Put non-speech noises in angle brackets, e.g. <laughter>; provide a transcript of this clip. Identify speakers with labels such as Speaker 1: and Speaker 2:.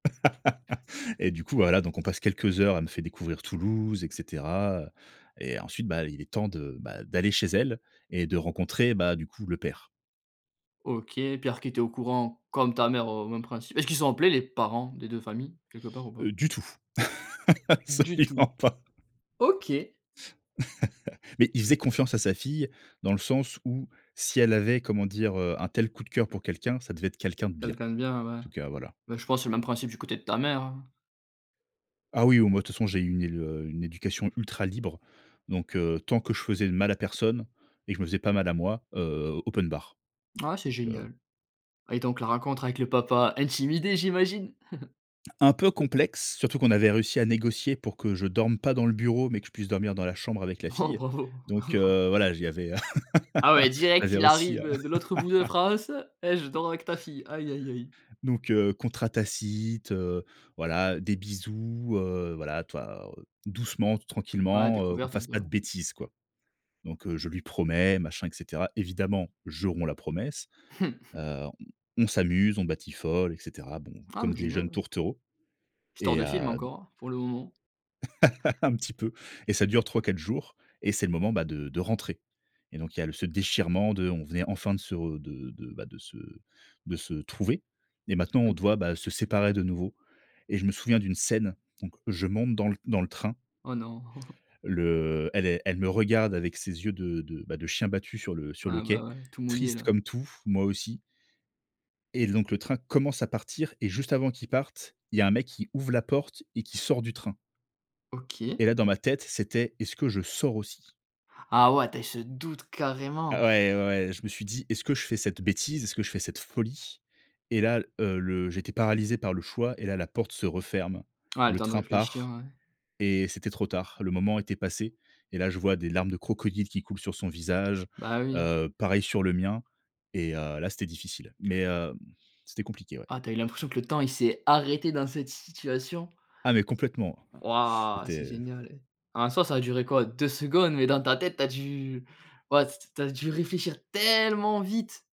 Speaker 1: <laughs> Et du coup, voilà, donc on passe quelques heures. Elle me faire découvrir Toulouse, et cetera, et ensuite, bah, il est temps de bah, d'aller chez elle et de rencontrer, bah, du coup, le père.
Speaker 2: OK, Pierre qui était au courant comme ta mère au même princ est-ce qu'ils ont appelé les parents des 2 familles quelque part ou
Speaker 1: Heu,
Speaker 2: pas?
Speaker 1: du tout, <chuckles>
Speaker 2: Du
Speaker 1: absolument
Speaker 2: tout.
Speaker 1: pas.
Speaker 2: OK.
Speaker 1: <laughs> Mais il faisait confiance à sa fille. Dans le sens où si elle avait, comment dire? Heu, un tel coup de cœur pour quelqu'un, ça devait être quelqu'un de bien
Speaker 2: Quelqu'un de bien, ouais.
Speaker 1: en tout cas, voilà.
Speaker 2: Bah, je pense c'est le même principe du côté de ta mère, hein.
Speaker 1: Ah oui oh moi de toute façon, j'ai eu une é heu, une éducation ultra libre, donc, heu, tant que je faisais de mal à personne et que je me faisais pas mal à moi, heu, open bar,
Speaker 2: Ah, c'est
Speaker 1: donc, heu
Speaker 2: génial, et donc la rencontre avec le papa intimidé, j'imagine? <chuckles>
Speaker 1: Un peu complexe, surtout qu'on avait réussi à négocier pour que je dorme pas dans le bureau, mais que je puisse dormir dans la chambre avec la
Speaker 2: Oh,
Speaker 1: fille,
Speaker 2: bravo.
Speaker 1: donc,
Speaker 2: <chuckles>
Speaker 1: heu, voilà, j il y avait
Speaker 2: Ah ouais,
Speaker 1: <laughs> il y
Speaker 2: direct
Speaker 1: avait
Speaker 2: il
Speaker 1: aussi, heu.
Speaker 2: arrive, heu, de l'autre bout de
Speaker 1: <laughs>
Speaker 2: France et «Je dors avec ta fille», aïe, aïe, aïe.
Speaker 1: Donc, heu, contrat tacite, heu, voilà, des bisous, heu, voilà, tu vois, heu? Doucement, t
Speaker 2: Ouais,
Speaker 1: tranquillement, heu, on
Speaker 2: découverte un
Speaker 1: fasse
Speaker 2: peu.
Speaker 1: pas de bêtises quoi, donc, heu, je lui promets machin, et cetera. Évidemment, je romps la promesse. Heu,
Speaker 2: <chuckles>
Speaker 1: on on s'amuse, on batifole, et cetera. Bon,
Speaker 2: Ah
Speaker 1: comme
Speaker 2: mais
Speaker 1: des jeunes
Speaker 2: génial.
Speaker 1: tourtereaux,
Speaker 2: Histoire
Speaker 1: et
Speaker 2: de film
Speaker 1: heu, d
Speaker 2: encore, pour le moment.
Speaker 1: <laughs> Un petit peu, et ça dure 3-4 jours et c'est le moment, bah, de de rentrer, et donc il y a le ce déchirement de on venait enfin de se de de, bah, de se de se trouver, et maintenant on
Speaker 2: <unintelligible>
Speaker 1: doit, bah, se séparer de nouveau, et je me souviens d'une scène, donc je monte dans le dans le train
Speaker 2: Oh non. <chuckles>
Speaker 1: le elle est elle me regarde avec ses yeux de de, bah, de chien battu sur le sur le
Speaker 2: Ah bah,
Speaker 1: quai.
Speaker 2: ouais tout mouillé
Speaker 1: Triste
Speaker 2: là.
Speaker 1: comme tout, moi aussi et donc le train commence à partir et juste avant qu'il parte, il y a un mec qui ouvre la porte et qui sort du train
Speaker 2: OK.
Speaker 1: et là dans ma tête, c'était: «Est-ce que je sors aussi?»
Speaker 2: Ah ouais, tu as eu ce doute
Speaker 1: Ah
Speaker 2: carrément.
Speaker 1: ouais, ouais, ouais, je me suis dit: «Est-ce que je fais cette bêtise? Est-ce que je fais cette folie?» et là, heu, le j'étais paralysé par le choix et là, la porte se referme,
Speaker 2: Ouais, le
Speaker 1: le
Speaker 2: temps de
Speaker 1: train
Speaker 2: réfléchir
Speaker 1: part
Speaker 2: ouais.
Speaker 1: et c'était trop tard. Le moment était passé et là je vois des larmes de crocodile qui coulent sur son visage.
Speaker 2: Bah oui.
Speaker 1: Heu, pareil sur le mien et heu, là c'était difficile, mais, hem, c'était compliqué, ouais.
Speaker 2: Ah! Tu as eu l'impression que le temps il s'est arrêté dans cette situation.
Speaker 1: Ah, mais complètement, <sniffs>
Speaker 2: Waouh, c'est
Speaker 1: c'était
Speaker 2: génial! En soi, ça a duré quoi? 2 secondes, mais dans ta tête tu as dû ouais c t tu as dû réfléchir tellement vite!